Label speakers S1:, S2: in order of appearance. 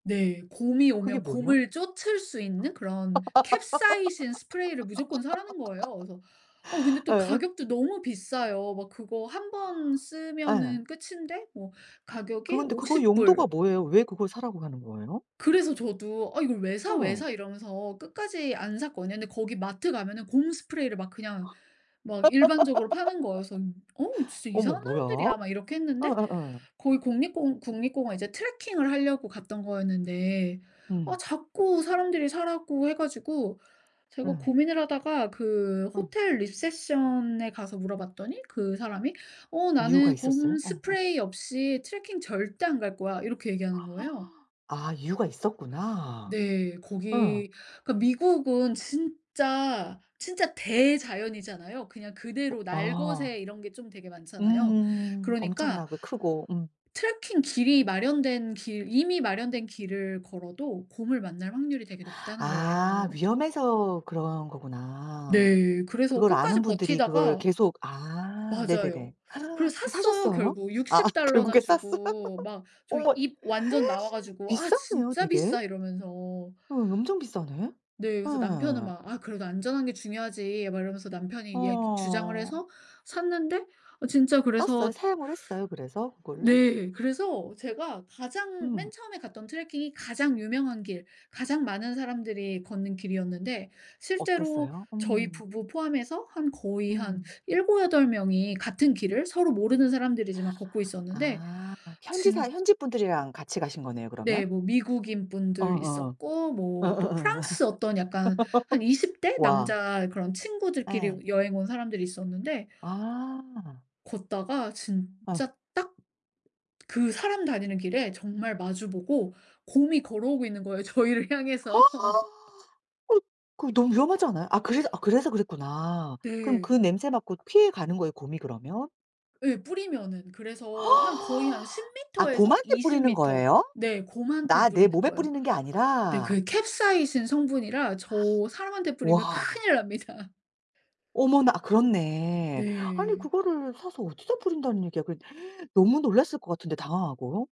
S1: 네. 곰이
S2: 그게
S1: 오면
S2: 뭐예요?
S1: 곰을 쫓을 수 있는 그런 캡사이신 스프레이를 무조건 사라는 거예요. 그래서 어 근데 또
S2: 예.
S1: 가격도 너무 비싸요. 막 그거 1 번
S2: 예.
S1: 쓰면은 끝인데 뭐
S2: 그
S1: 가격이
S2: 근데 그거
S1: 오십
S2: 용도가
S1: 불.
S2: 뭐예요? 왜 그걸 사라고 하는 거예요?
S1: 그래서 저도 "어 이걸 왜 사? 왜
S2: 어.
S1: 사?" 이러면서 끝까지 안 샀거든요. 근데 거기 마트 가면은 곰 스프레이를 막 그냥 막 일반적으로 파는 거예요. 그래서 "어 진짜
S2: 어머
S1: 이상한
S2: 뭐야?
S1: 사람들이야." 막 이렇게 했는데
S2: 어어어.
S1: 거기 국립공 국립공원 이제 트래킹을 하려고 갔던 거였는데 아
S2: 음.
S1: 자꾸 사람들이 사라고 해 가지고 제가
S2: 어.
S1: 고민을 하다가 그
S2: 어.
S1: 호텔 리셉션에 가서 물어봤더니 그 사람이 "어
S2: 이유가
S1: 나는 곰
S2: 있었어요? 어 어.
S1: 스프레이 없이 트래킹 절대 안 갈 거야." 이렇게 얘기하는 거예요.
S2: 아 이유가 있었구나.
S1: 네.
S2: 어.
S1: 거기 그러니까 미국은 진짜 진짜 대자연이잖아요. 그냥 그대로
S2: 아.
S1: 날것의 이런 게 좀 되게 많잖아요.
S2: 음.
S1: 그러니까
S2: 엄청나고 크고. 음.
S1: 트래킹 길이 마련된 길 이미 마련된 길을 걸어도 곰을 만날 확률이 되게 높다는
S2: 아
S1: 거예요.
S2: 위험해서 그런 거구나
S1: 네. 그래서
S2: 그걸
S1: 끝까지
S2: 아는 분들이 그거를
S1: 버티다가
S2: 계속 아 네네네.
S1: 맞아요. 그래서
S2: 그
S1: 샀어요.
S2: 사셨어요?
S1: 결국
S2: 아
S1: $60 나
S2: 결국에 샀어요?
S1: 주고 막 저
S2: 어머
S1: 입 완전 나와 가지고 "아
S2: 비싸네요,
S1: 진짜
S2: 되게?
S1: 비싸." 이러면서
S2: 어 엄청 비싸네.
S1: 네. 그래서 남편은
S2: 어.
S1: 막 "아 그래도 안전한 게 중요하지." 막 이러면서 남편이 이야기 주장을
S2: 어.
S1: 해서 샀는데 어 진짜
S2: 썼어요?
S1: 그래서
S2: 사용을 했어요, 그래서 그거를?
S1: 네. 그래서 제가 가장 맨
S2: 음.
S1: 처음에 갔던 트래킹이 가장 유명한 길 가장 많은 사람들이 걷는 길이었는데 실제로
S2: 어땠어요?
S1: 저희
S2: 음.
S1: 부부 포함해서 한 거의 한
S2: 음.
S1: 7-8 명이 같은 길을 서로 모르는 사람들이지만 걷고 있었는데.
S2: 아 현지
S1: 진
S2: 사 현지분들이랑 같이 가신 거네요 그러면?
S1: 네. 뭐 미국인
S2: 어
S1: 분들
S2: 어.
S1: 있었고
S2: 어어어.
S1: 뭐 또 프랑스 어떤 약간 한 20 대
S2: 와.
S1: 남자 그런
S2: 예.
S1: 친구들끼리 여행 온 사람들이 있었는데
S2: 아.
S1: 걷다가
S2: 어.
S1: 진짜 딱 그 사람 다니는 길에 정말 마주 보고 곰이 걸어오고 있는 거예요, 저희를 향해서.
S2: 어 그 너무 위험하지 않아요? 아 그래서 아 그래서 그랬구나. 그럼 그
S1: 네.
S2: 냄새 맡고 피해 가는 거예요, 곰이 그러면?
S1: 예. 뿌리면은. 그래서 한 거의 한 십
S2: 아
S1: 미터 에서
S2: 곰한테
S1: 이십
S2: 뿌리는
S1: 미터
S2: 거예요?
S1: 네 곰한테
S2: 나 내
S1: 뿌리는
S2: 몸에
S1: 거예요.
S2: 뿌리는 게
S1: 네
S2: 아니라?
S1: 그게 캡사이신 성분이라 저 사람한테 뿌리면
S2: 와.
S1: 큰일납니다.
S2: 어머나 그렇네. 아니
S1: 네.
S2: 그거를 사서 어디다 뿌린다는 얘기야 그랬 너무 놀랐을 것 같은데 당황하고.